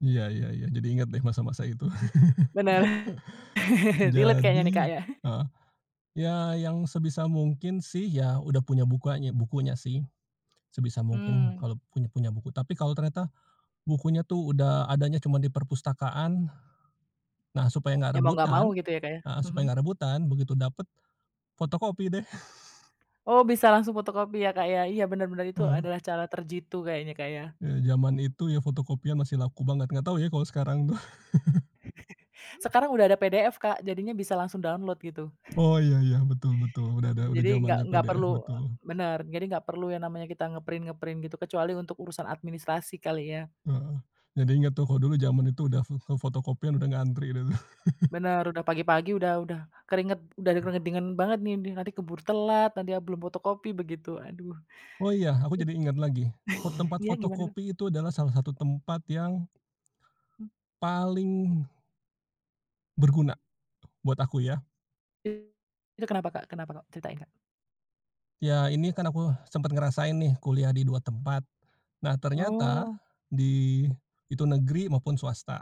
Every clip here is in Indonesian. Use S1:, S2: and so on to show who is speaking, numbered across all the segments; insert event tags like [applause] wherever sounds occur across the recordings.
S1: Iya iya iya. Jadi inget deh masa-masa itu.
S2: Benar.
S1: [laughs]
S2: [laughs] Relate kayaknya nih,
S1: Jadi
S2: Kak, ya. [laughs]
S1: heeh, ya yang sebisa mungkin sih ya udah punya bukanya bukunya sih. Sebisa mungkin
S2: Mmm.
S1: kalau punya punya buku, tapi kalau ternyata, bukunya tuh udah adanya cuma di perpustakaan. Nah, supaya
S2: Ya
S1: gak
S2: mau nggak mau
S1: rebutan
S2: gitu ya, Kak, ya?
S1: heeh, supaya
S2: Mhm.
S1: gak rebutan, begitu dapet, fotokopi deh. [laughs]
S2: Oh, bisa langsung fotokopi ya, Kak, ya? Iya bener bener. Itu
S1: Heeh.
S2: adalah cara terjitu kayaknya, Kak, ya?
S1: Ya zaman itu, ya fotokopian masih laku banget, gak tau ya kalo sekarang tuh. [laughs]
S2: [laughs] Sekarang udah ada PDF, Kak, jadinya bisa langsung download gitu.
S1: Oh, iya iya, betul betul. Udah ada
S2: Ya
S1: udah
S2: jadi, nggak
S1: zamannya
S2: nggak
S1: PDF,
S2: perlu
S1: betul.
S2: bener, jadi nggak perlu yang namanya kita nge-print-nge-print gitu, kecuali untuk urusan administrasi kali ya.
S1: Heeh, jadi inget tuh kalo dulu zaman itu udah fe ke fotokopian udah ngantri dulu. [laughs]
S2: Benar, udah pagi-pagi udah udah keringet udah di keringet dingin banget nih nih nanti keburu telat, nanti ya belum fotokopi begitu, aduh.
S1: Oh iya, aku jadi inget lagi, eee,
S2: [laughs]
S1: tempat
S2: Iya, gimana, Kak?
S1: fotokopi itu adalah salah satu tempat yang
S2: Hmm.
S1: paling berguna, buat aku ya.
S2: Itu kenapa, Kak? Kenapa, Kak? Ceritain, Kak.
S1: Ya ini kan aku, sempet ngerasain nih kuliah di 2 tempat. Nah ternyata,
S2: Oh.
S1: di itu negeri maupun swasta.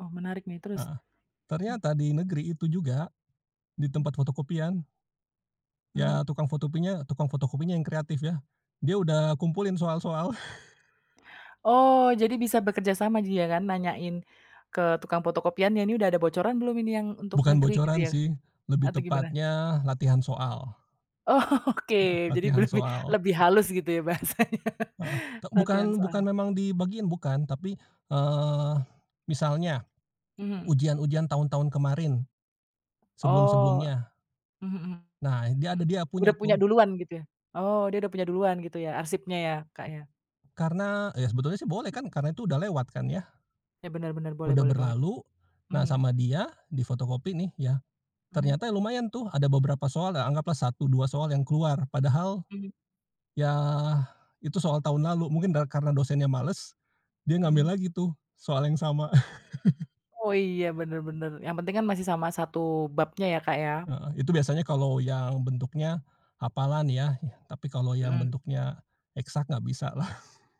S2: Oh, menarik nih, terus?
S1: Heeh,
S2: Mmm.
S1: ternyata di negeri itu juga, di
S2: Hmm.
S1: tempat fotokopian
S2: Hmm.
S1: Ya tukang fotopinya tukang fotokopinya yang kreatif ya. Dia udah kumpulin soal-soal. [laughs]
S2: Oh,
S1: E
S2: jadi bisa bekerja sama dia kan nanyain ke tukang fotokopian, yang ini udah ada bocoran belum ini yang untuk
S1: Bukan
S2: negeri gitu
S1: bocoran
S2: ya?
S1: sih, lebih
S2: Atau gimana?
S1: tepatnya latihan soal.
S2: Oke,
S1: Heeh,
S2: jadi be
S1: latihan
S2: lebih,
S1: soal.
S2: lebih halus gitu ya bahasanya.
S1: Heeh, te
S2: Latihan
S1: bukan bukan
S2: soal.
S1: memang dibagiin bukan, tapi, eee, misalnya,
S2: Mhm.
S1: ujian-ujian tahun-tahun kemarin,
S2: Oh,
S1: sebelum-sebelumnya.
S2: mhm mhm,
S1: Nah, dia
S2: hmm,
S1: ada, dia
S2: udah
S1: punya
S2: punya
S1: tuh.
S2: duluan gitu ya? Oh, dia udah punya duluan gitu ya arsipnya ya, Kak, ya?
S1: Karena ya sebetulnya sih boleh kan karena itu udah lewat kan ya.
S2: Ya benar benar, boleh
S1: Udah
S2: boleh banget,
S1: berlalu. Nah
S2: mhm.
S1: sama dia, di fotokopi nih ya.
S2: Mhm.
S1: Ternyata ya lumayan tuh ada beberapa soal ya anggaplah 1-2 soal yang keluar, padahal
S2: Mhm.
S1: ya itu soal tahun lalu, mungkin da karena dosennya males, dia
S2: Mhm.
S1: ngambil lagi tuh soal yang sama. [laughs]
S2: Oh, iya bener bener, yang penting kan masih sama 1 babnya ya, Kak, ya.
S1: Heeh, itu biasanya kalau yang bentuknya hafalan ya, tapi kalau yang
S2: Mhm.
S1: bentuknya eksak gak bisa lah. [laughs]